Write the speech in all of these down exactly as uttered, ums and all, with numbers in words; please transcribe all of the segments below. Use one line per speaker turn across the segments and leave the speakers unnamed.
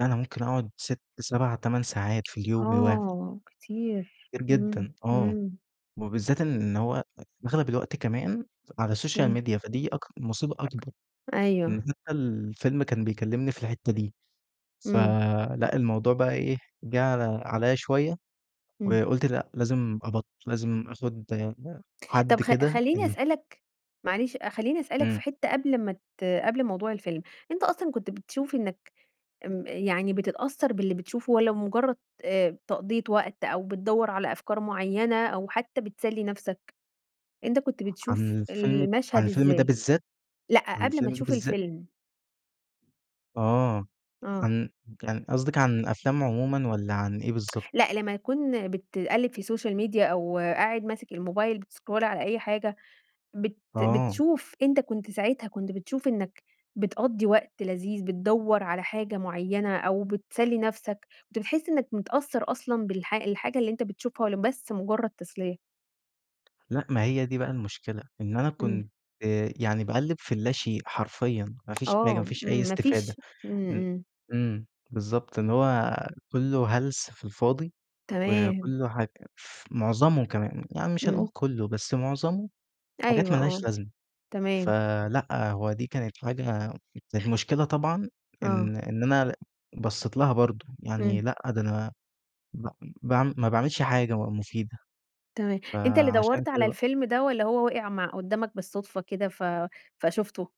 أنا ممكن أقعد ست، سَبع، تَمَن ساعات في اليوم الوا
آه، كتير
كتير
إمم،
جدًا آه.
إمم.
وبالذات إن هو أغلب الوقت كمان على السوشيال
إمم.
ميديا فدي أك مصيبة أكبر. يعني
أيوه.
حتي الفيلم كان بيكلمني في الحتة دي. ف
إمم.
لأ الموضوع بقى إيه جه عل عليّا شوية،
إمم.
وقُلت لأ لازم أبط لازم أخد
طب
حد
خ
كده
خليني
إمم.
أسألك معلش خليني أسألك
إمم.
في حتة قبل ما ت قبل موضوع الفيلم، أنت أصلًا كنت بتشوف إنك آمم يعني بتتأثّر باللي بتشوفه والَّا بمجرد آآ تقضية وقت، أو بتدوّر على أفكار معيّنة، أو حتى بتسلي نفسك؟ أنت كنت
عن
بتشوف
الفيلم عن
المشهد
الفيلم ده
إزاي؟
بالذات،
لأ
عن
قبل ما
الفيلم ده
تشوف
بالذات؟
الفيلم.
آه
آه.
كان كان قصدِك عن أفلام عمومًا والَّا عن إيه بالضبط؟
لأ لما يكون بتقلب في السوشيال ميديا أو قاعد ماسك الموبايل بتسكرول على أي حاجة بت
آه.
بتشوف أنت كنت ساعتها كنت بتشوف إنك بتقضي وقت لذيذ، بتدوّر على حاجة معيّنة أو بتسلي نفسك، كنت بتحس إنك متأثّر أصلًا بالح الحاجة اللي أنت بتشوفها والَّا بس مجرد تسلية؟
لأ ما هي دي بقى المشكلة إن أنا
إمم.
كنت يعني باقلِّب في اللاشئ حرفيًا ما فيش حاجة، ما
آه
فيش
إمم
أي
ما
استفادة
فيش إمم
إمم
إمم.
إمم بالضبط إن هو كله هلس في الفاضي،
تمام.
وكله حاج ف معظمه كمان، يعني مش هنقول
إمم.
كله بس معظمه حاجات
أيوه
ما لهاش
آه
لازمة،
تمام.
فلأ هو دي كانت حاجة المشكلة طبعًا
آه.
إن إن أنا بصيت لها برضه، يعني
إمم.
لأ ده أنا ب باعم ما باعملش حاجة بقى مفيدة،
تمام أنت اللي
فعشان
دوّرت
كده
على
بقى
الفيلم ده والَّا هو وقع مع قدامك بالصدفة كده ف فشوفته؟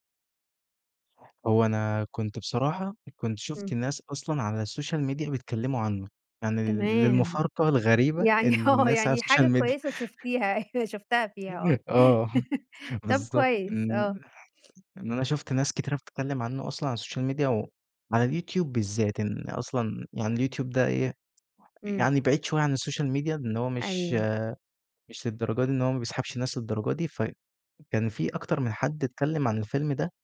هو أنا كنت بصراحة كنت شُفت
إمم.
ناس أصلًا على السوشيال ميديا بيتكلموا عنه يعني لل
تمام.
للمفارقة الغريبة
يعني
إن
آه
الناس على
يعني
السوشيال
حاجة
ميديا
كويسة شُفتيها أيوه شُفتها فيها آه،
[unintelligible] آه
طب
بالضبط،
كويس
ن
آه.
يعني أنا شُفت ناس كتيرة بتتكلم عنه أصلًا على السوشيال ميديا وعلى اليوتيوب بالذات، لإن أصلًا يعني اليوتيوب ده إيه
إمم.
يعني بعيد شوية عن السوشيال ميديا إن هو مش
أيوه.
مش للدرجة دي إن هو ما بيسحبش الناس للدرجة دي، فكان في أكتر من حد اتكلم عن الفيلم ده